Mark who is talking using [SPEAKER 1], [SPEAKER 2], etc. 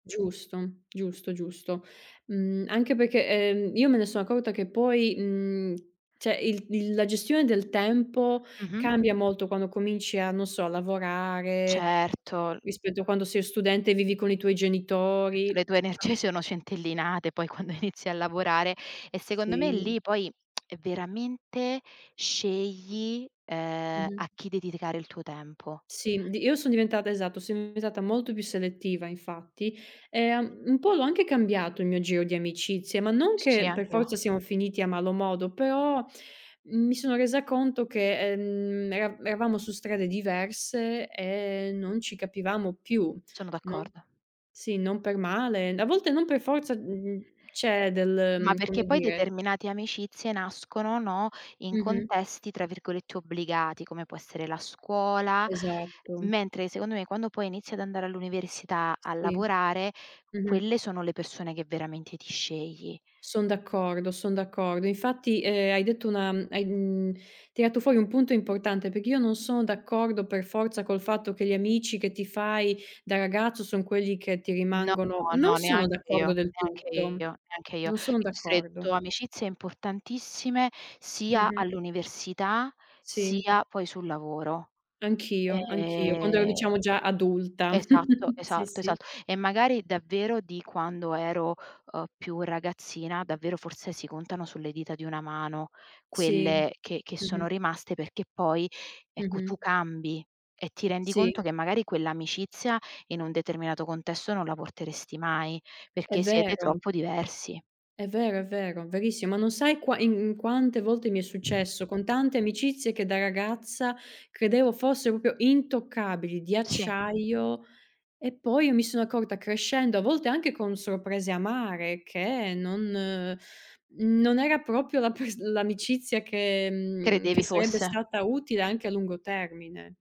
[SPEAKER 1] Giusto, giusto, giusto. Mhmm, anche perché, ehm, io me ne so' accorta che poi, mhmm, cioè il il la gestione del tempo
[SPEAKER 2] Mh-mh.
[SPEAKER 1] cambia molto quando cominci a, non so, lavorare,
[SPEAKER 2] Certo.
[SPEAKER 1] rispetto a quando sei studente e vivi con i tuoi
[SPEAKER 2] Eh, tra le
[SPEAKER 1] genitori.
[SPEAKER 2] tue energie
[SPEAKER 1] [unintelligible]
[SPEAKER 2] sono centellinate poi quando inizi a lavorare, e secondo me
[SPEAKER 1] Sì.
[SPEAKER 2] lì poi è veramente scegli, ehm,
[SPEAKER 1] Mh-mh.
[SPEAKER 2] a chi dedicare il tuo tempo.
[SPEAKER 1] Sì, mhmm, di io son diventata esatto, son diventata molto più selettiva infatti, e un un po' l'ho anche cambiato il mio giro di amicizie, ma non
[SPEAKER 2] S sì,
[SPEAKER 1] che per
[SPEAKER 2] anch'io.
[SPEAKER 1] forza siamo finiti a malo modo, però mi sono resa conto che, ehm, era eravamo su strade diverse e non ci capivamo più.
[SPEAKER 2] Sono
[SPEAKER 1] Non
[SPEAKER 2] d'accordo.
[SPEAKER 1] sì, non per male. A volte non per forza, mh mhmm, c'è del,
[SPEAKER 2] Ma
[SPEAKER 1] mhmm,
[SPEAKER 2] perché
[SPEAKER 1] come
[SPEAKER 2] poi
[SPEAKER 1] dire
[SPEAKER 2] determinate amicizie nascono, no, in
[SPEAKER 1] Mh-mh.
[SPEAKER 2] contesti tra virgolette "obbligati", come può essere la scuola,
[SPEAKER 1] Esatto.
[SPEAKER 2] mentre secondo me quando poi inizi ad andare all'università, a
[SPEAKER 1] Sì.
[SPEAKER 2] lavorare, quelle
[SPEAKER 1] Mh-mh.
[SPEAKER 2] sono le persone che veramente ti scegli.
[SPEAKER 1] Son d'accordo, son d'accordo. Infatti, ehm, hai detto una mhmm, hai, mhmm, tirato fuori un punto importante perché io non sono d'accordo per forza col fatto che gli amici che ti fai da ragazzo son quelli che ti
[SPEAKER 2] No,
[SPEAKER 1] rimangono, non
[SPEAKER 2] no,
[SPEAKER 1] sono
[SPEAKER 2] neanche io,
[SPEAKER 1] d'accordo del
[SPEAKER 2] neanche
[SPEAKER 1] tutto.
[SPEAKER 2] io, neanche io. Io
[SPEAKER 1] Non sono
[SPEAKER 2] ho stretto
[SPEAKER 1] d'accordo.
[SPEAKER 2] amicizie importantissime sia
[SPEAKER 1] Mh-mh.
[SPEAKER 2] all'università,
[SPEAKER 1] Sì.
[SPEAKER 2] sia poi sul lavoro.
[SPEAKER 1] Anch'io, anch'io quando ero
[SPEAKER 2] E
[SPEAKER 1] diciamo già adulta.
[SPEAKER 2] esatto,
[SPEAKER 1] Sì,
[SPEAKER 2] esalto,
[SPEAKER 1] sì.
[SPEAKER 2] esatto. E magari davvero di quando ero, uhm, più ragazzina davvero forse si contano sulle dita di una mano
[SPEAKER 1] Sì,
[SPEAKER 2] quelle che che sono
[SPEAKER 1] mh-mh.
[SPEAKER 2] rimaste, perché poi ecco tu
[SPEAKER 1] Mh-mh.
[SPEAKER 2] cambi, e ti rendi conto
[SPEAKER 1] Sì.
[SPEAKER 2] che magari quell'amicizia in un determinato contesto non la porteresti mai,
[SPEAKER 1] È
[SPEAKER 2] perché siete
[SPEAKER 1] vero.
[SPEAKER 2] troppo diversi.
[SPEAKER 1] È vero, è vero, verissimo. Ma non sai qua in in quante volte mi è successo con tante amicizie che da ragazza credevo fossero proprio intoccabili, di
[SPEAKER 2] Sì.
[SPEAKER 1] acciaio e poi io mi sono accorta crescendo, a volte anche con sorprese amare, che non non era proprio la pers l'amicizia che mhmm, che
[SPEAKER 2] Credevi
[SPEAKER 1] sarebbe
[SPEAKER 2] fosse.
[SPEAKER 1] stata utile anche a lungo termine.